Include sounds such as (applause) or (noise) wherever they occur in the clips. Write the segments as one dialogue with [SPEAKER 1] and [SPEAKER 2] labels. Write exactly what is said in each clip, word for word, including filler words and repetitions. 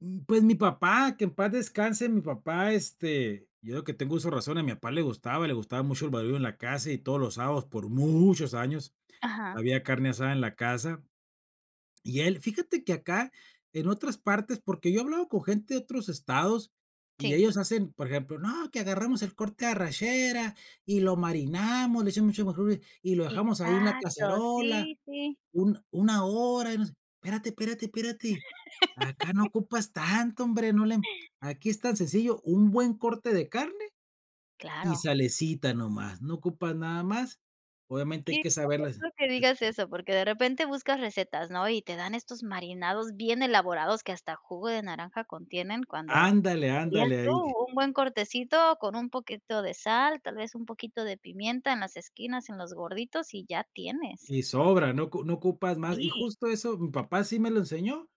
[SPEAKER 1] Mm, pues, mi papá, que en paz descanse, mi papá, este yo desde que tengo uso de razón, a mi papá le gustaba le gustaba mucho el barullo en la casa, y todos los sábados, por muchos años,
[SPEAKER 2] Ajá.
[SPEAKER 1] había carne asada en la casa. Y él, fíjate que acá, en otras partes, porque yo he hablado con gente de otros estados, y
[SPEAKER 2] Sí.
[SPEAKER 1] ellos hacen, por ejemplo: "No, que agarramos el corte arrachera y lo marinamos, le echamos mucho, (unintelligible) y lo dejamos ahí en la
[SPEAKER 2] Exacto,
[SPEAKER 1] cacerola
[SPEAKER 2] sí, sí.
[SPEAKER 1] un una hora, y no sé". Espérate, espérate, espérate. Acá no
[SPEAKER 2] (laughs)
[SPEAKER 1] ocupas tanto, hombre, no le aquí es tan sencillo, un buen corte de carne y
[SPEAKER 2] Claro.
[SPEAKER 1] salecita, no más, no ocupas nada más, obviamente hay
[SPEAKER 2] Qué
[SPEAKER 1] que saberlas
[SPEAKER 2] gracioso que
[SPEAKER 1] hacer.
[SPEAKER 2] digas eso, porque de repente buscas recetas, ¿no? Y te dan estos marinados bien elaborados que hasta jugo de naranja contienen, cuando,
[SPEAKER 1] Ándale,
[SPEAKER 2] dirías
[SPEAKER 1] ándale,
[SPEAKER 2] tú,
[SPEAKER 1] ahí.
[SPEAKER 2] un buen cortecito con un poquito de sal, tal vez un poquito de pimienta en las esquinas, en los gorditos y ya tienes.
[SPEAKER 1] Y sobra, no ocu no ocupas más. Y
[SPEAKER 2] Sí.
[SPEAKER 1] justo eso, mi papá así me lo enseñó,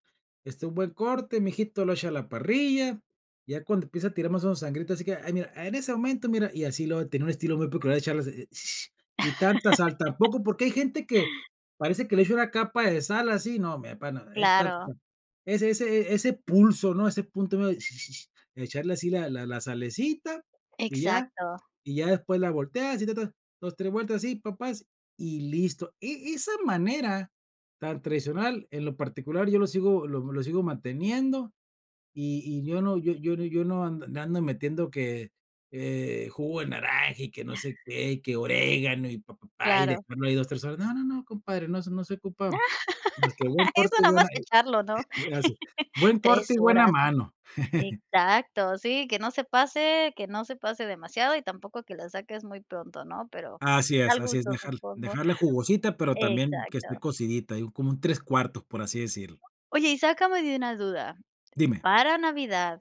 [SPEAKER 1] este, un buen corte, mi hijito, lo echa a la parrilla, ya cuando empieza a tirar mas, o, menos sangrita, así que, ay, mira, en ese momento. Mira, y así luego tenía un estilo muy peculiar de echarlas, (sucks teeth) ni tanta sal
[SPEAKER 2] (laughs)
[SPEAKER 1] tampoco, porque hay gente que parece que le echa una capa de sal así, no, mi papá nada, es ta
[SPEAKER 2] Claro.
[SPEAKER 1] ese ese ese pulso, ¿no? Ese punto medio, (whistles) echarle así la la la salecita, y ya.
[SPEAKER 2] Exacto.
[SPEAKER 1] Y ya después la volteas, y, ta, ta, dos, tres vueltas así, pa páz, y listo. E esa manera tan tradicional, en lo particular, yo lo sigo lo lo sigo manteniendo, y y, yo no yo yo no ando no ando metiendo que, eh, jugo de naranja, y que no sé
[SPEAKER 2] (giggles)
[SPEAKER 1] qué, y que orégano, y pa, pa, pá, y
[SPEAKER 2] Claro.
[SPEAKER 1] después no hay dos, tres, horas no, no, no. Compadre, no se no se ocupa, más que buen
[SPEAKER 2] (laughs)
[SPEAKER 1] corte,
[SPEAKER 2] Eso
[SPEAKER 1] y
[SPEAKER 2] nada
[SPEAKER 1] buena,
[SPEAKER 2] más echarlo, ¿no?
[SPEAKER 1] y gracias.
[SPEAKER 2] (giggles)
[SPEAKER 1] Buen
[SPEAKER 2] tres
[SPEAKER 1] corte y buena
[SPEAKER 2] horas.
[SPEAKER 1] mano. (giggles)
[SPEAKER 2] Exacto, sí, que no se pase que no se pase demasiado y tampoco que la saques muy pronto, ¿no? Pero
[SPEAKER 1] Así es
[SPEAKER 2] al
[SPEAKER 1] así es,
[SPEAKER 2] gusto,
[SPEAKER 1] déjar
[SPEAKER 2] supongo.
[SPEAKER 1] déjarle jugosita, pero también que esté
[SPEAKER 2] Exacto.
[SPEAKER 1] cocidita, digo, como en un tres cuartos, por así decirlo.
[SPEAKER 2] Oye, y sácame de una duda.
[SPEAKER 1] Dime.
[SPEAKER 2] Para Navidad